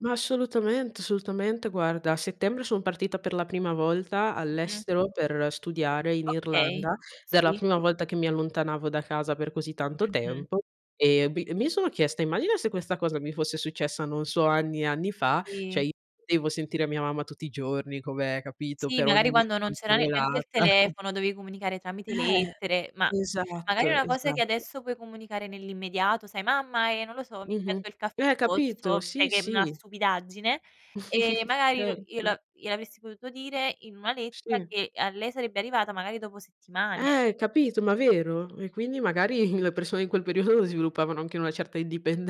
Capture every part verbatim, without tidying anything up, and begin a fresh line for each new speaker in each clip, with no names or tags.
Ma assolutament solutamente. Guarda, a settembre son partita per la prima volta
Mh-mh.
all'estero per studiare in
Okay,
Irlanda, ed era la
sì.
prima volta che mi allontanavo da casa per così tanto
Mh-mh.
tempo e bi mi sono chiesta: "Immagina se questa cosa mi fosse successa non so anni e anni fa," ceh,
Sì.
io non potevo sentire mia mamma tutti i giorni come capito,
Sì,
per ogni
magari quando non
minima
c'era ne neanche il
cavolata.
telefono dovevi comunicare tramite
Eh.
lettere, ma magari
Esatto,
una cosa che
esatto.
adesso puoi comunicare nell'immediato, sai: "Mamma, ehm, non lo so, mi è
Mh-mh.
caduto il caffè.
Eh, Capito?
Posso" Sai
Sì,
che è una
sì.
stupidaggine e magari lo
Certo.
glie glielo avresti potuto dire in una lettera
Sì.
che a lei sarebbe arrivata magari dopo settimane.
Eh capito, ma vero. E quindi magari le persone in quel periodo sviluppavano anche una certa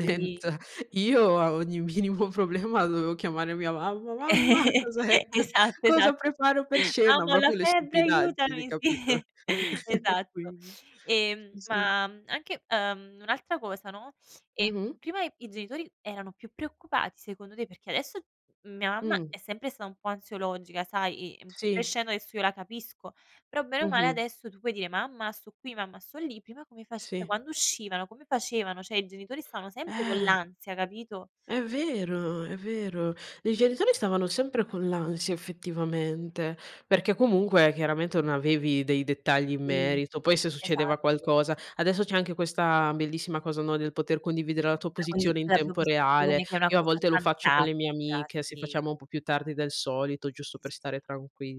Sì.
Io a ogni minimo problema dovevo chiamare mia mamma. "Mamma." "Cos'è q
Esatto
cosa
esatto.
preparo per cena?"
"Mamma ho la
propio, le
febbre,
stupidaggini,
aiutami."
capito.
sì.
E
Esatto.
quindi
Ehm,
sì, sì.
ma, mhmm, anche ehm, un'altra cosa, no, ehm
Mh-mh.
prima i genitori erano più preoccupati secondo te, perché adesso mia mamma
Mh.
è sempre stata un po' ansiologica, sai. Ehm,
Sì.
crescendo adesso io la capisco, però bene o male
Mh-mh.
adesso tu puoi dire: "Mamma sto qui, mamma sto lì." Prima come face
Sì.
quando uscivano, come facevano? ceh, i genitori stavano sempre con
Eh.
l'ansia, capito?
È vero, è vero. I genitori stavano sempre con l'ansia effettivamente, perché comunque chiaramente non avevi dei dettagli in
Sì.
merito, poi se succedeva
Esatto.
qualcosa adesso c'è anche questa bellissima cosa, no, del poter condividere la tua
La condi
posizione in
della tua
tempo reale.
posizione che è una
Io a
cosa
volte lo faccio con le mie
fantastica,
amiche, se
sì.
facciamo un po' più tardi del solito
Sì,
giusto
sì,
per
sì,
stare
sì.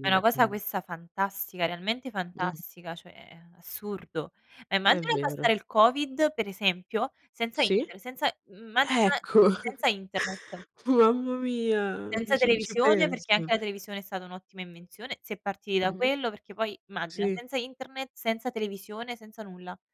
È una cosa
quin
questa fantastica, realmente
Mh.
fantastica, cioè assurdo.
È
Immagina passare
vero.
il covid, per esempio, senza
Sì?
Internet, senza mhmm, immagina
Ecco,
senza Internet
mamma mia,
senza
ci ci
televisione. Perché
penso.
anche la televisione è stata un'ottima invenzione, si è partiti da
Mh-mh,
quello. Perché poi immagina,
sì.
senza internet, senza televisione, senza nulla.